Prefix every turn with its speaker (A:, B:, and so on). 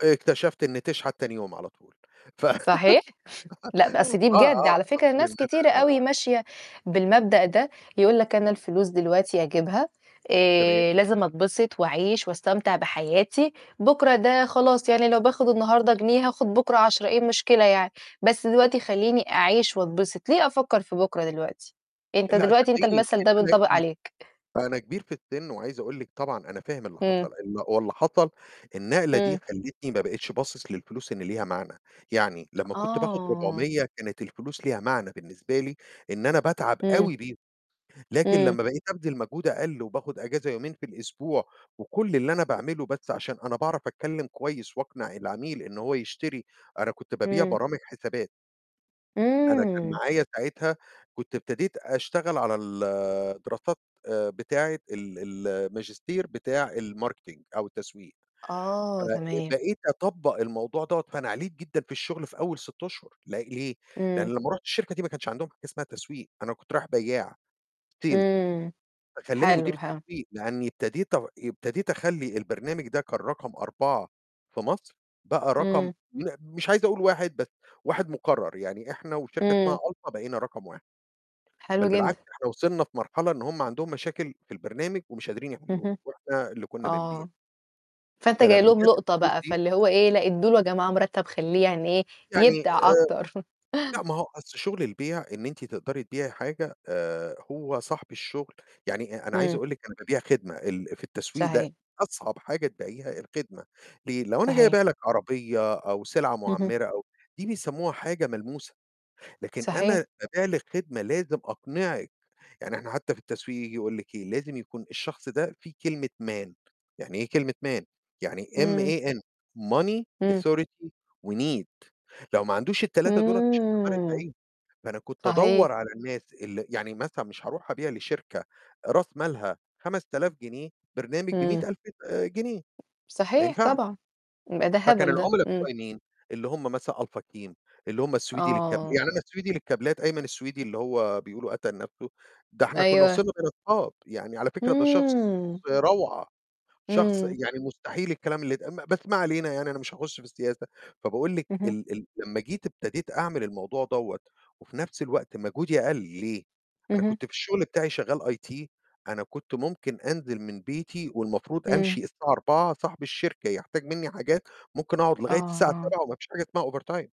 A: اكتشفت إن تشحت تاني يوم على طول، ف
B: صحيح! لأ، بس دي
A: آه،
B: بجد
A: آه،
B: على فكرة
A: حصل إن
B: ناس
A: أنا
B: كتيرة أوي ماشية بالمبدأ ده، يقول لك أنا الفلوس دلوقتي أجيبها،
A: تمام.
B: آآ، لازم أتبسِط وأعيش وأستمتع بحياتي، بُكرة ده
A: بالضبط.
B: خلاص، يعني لو باخد النهارده جنيه، هاخد بُكرة 10، إيه المشكلة يعني؟ بس
A: أ
B: دلوقتي
A: بُصّي.
B: خلّيني أعيش وأتبسِط، ليه أفكر في بكرة دلوقتي؟ أنت
A: لأ،
B: دلوقتي أنت
A: صدقيني
B: المثل ده
A: يمكن أنا
B: بينطبق
A: [unintelligible]
B: عليك.
A: أنا كبير في السِن، وعايز أقول لِك طبعًا أنا فاهم اللي حصل،
B: إمم.
A: ال هو اللي حصل النقلة دي
B: إمم.
A: خلّتني ما بقِتش باصص للفلوس إن ليها معنى، يعني لمّا كنت باخد
B: آه.
A: 400 كانت الفلوس ليها معنى بالنسبة لي، إن أنا باتعب
B: إمم.
A: أوي بيهم، لكن
B: إمم.
A: لمّا بقيت أبذل مجهود أقل وباخد أجازة يومين في الأسبوع، وكُلّ اللي أنا باعمله بس عشان أنا باعرف أتكلم كويس وأقنع العميل إن هو يشتري أنا كنت بابيع
B: إمم.
A: برامج حسابات. أنا كان
B: إمم.
A: معايا ساعتها كنت ابتديت أشتغل على ال دراسات، آآ، بتاعة ال ال الماجستير بتاع الmarketing أو التسويق
B: آه، تمام.
A: فبقيت أطبّق الموضوع دوَّة، فأنا عليت جدًا في الشغل في أول 6 أشهر، ل ليه؟ لأن
B: إمم.
A: لمّا رُحت الشركة دي ما كانش عندهم حاجة اسمها تسويق أنا كنت رايح بياع، Sale،
B: إمم،
A: فخلّاني مدير
B: حلو، حلو.
A: التسويق، لإني ابتديت أغ ابتديت أخلّي البرنامج ده كان رقم 4 في مصر، بقى رقم
B: إمم.
A: م مش عايز أقول 1 بس 1 مكرّر، يعني إحنا وشركة اسمها
B: إمم.
A: Alfa بقينا رقم 1 بل
B: حلو
A: بالعكس
B: جدًا
A: إحنا وصلنا في مرحلة إن هم عندهم مشاكل في البرنامج ومش قادرين يحلّوها،
B: اهم،
A: وإحنا اللي كنّا بنبيع.
B: آه، فأنت جاي
A: فلمّا
B: لهم
A: جات
B: لُقطة
A: الفلوس
B: بقى،
A: دي.
B: فاللي هو إيه، لأ ادّوا له يا جماعة مرتب خليه يعني إيه،
A: يعني
B: يبدع
A: آآ،
B: أكتر.
A: لأ، ما هو أصل شغل البيع إن أنتِ تقدري تبيعي حاجة، آآ، هو صاحب الشغل يعني، أ أنا عايز
B: إمم.
A: أقُول لِك أنا بابيع خدمة، ال في التسويق ده
B: صحيح.
A: أصعب حاجة تبيعيها الخدمة، ليه؟ لو أنا جاي
B: صحيح.
A: أبيع لِك عربية أو سلعة
B: اهم.
A: معمّرة أو دي بيسموها حاجة ملموسة، لكن
B: صحيح.
A: أنا بابيع لِك خدمة لازم أقنعِك، يعني إحنا حتى في التسويق ييجي يقُول لِك إيه؟ لازم يكون الشخص ده فيه كلمة M-A-N يعني إيه كلمة M-A-N؟ يعني
B: إمم.
A: M-A-N Money
B: إمم.
A: Authority وNEED لو ما عندوش ال3 دول مش هتقدري تبيعي
B: إمم،
A: لُه، فأنا كنت
B: صحيح.
A: أدوّر على الناس اللي يعني مثلًا مش هاروح أبيع لشركة راس مالها 5.000 جنيه برنامج
B: إمم.
A: ب100.000 آآ، جنيه ما
B: صحيح،
A: ينفعش.
B: طبعًا، ما ده
A: فكان
B: هبل ده،
A: العملا
B: إمم.
A: بتوعي مين؟ اللي هُم مثلًا Alpha CLEAN اللي هُم السويدي للكاب
B: آه.
A: يعني أنا السويدي للكابلات، أيمن السويدي اللي هو بيقولوا قَتَل نَفْسُه، ده إحنا كنّا
B: أيوه.
A: وصلنا بقينا صحاب يعني على فكرة ده شخص
B: إمم.
A: روعة، شخص
B: إمم.
A: يعني مستحيل الكلام اللي اتقال بس ما علينا، يعني أنا مش هاخُش في السياسة، فباقول لِك
B: اهم.
A: ال ال لمّا جيت ابتديت أعمل الموضوع دوَّة، وفي نفس الوقت مجهودي قَلّ، ليه؟ أنا
B: اهم.
A: كنت في الشغل بتاعي شغّال IT أنا كنت ممكن أنزل من بيتي والمفروض
B: إمم.
A: أمشي الساعة 16:00، صاحب الشركة يحتاج مِنّي حاجات، ممكن أقعد
B: آه،
A: لغاية الساعة
B: آه.
A: 19:00 وما فيش حاجة اسمها overtime.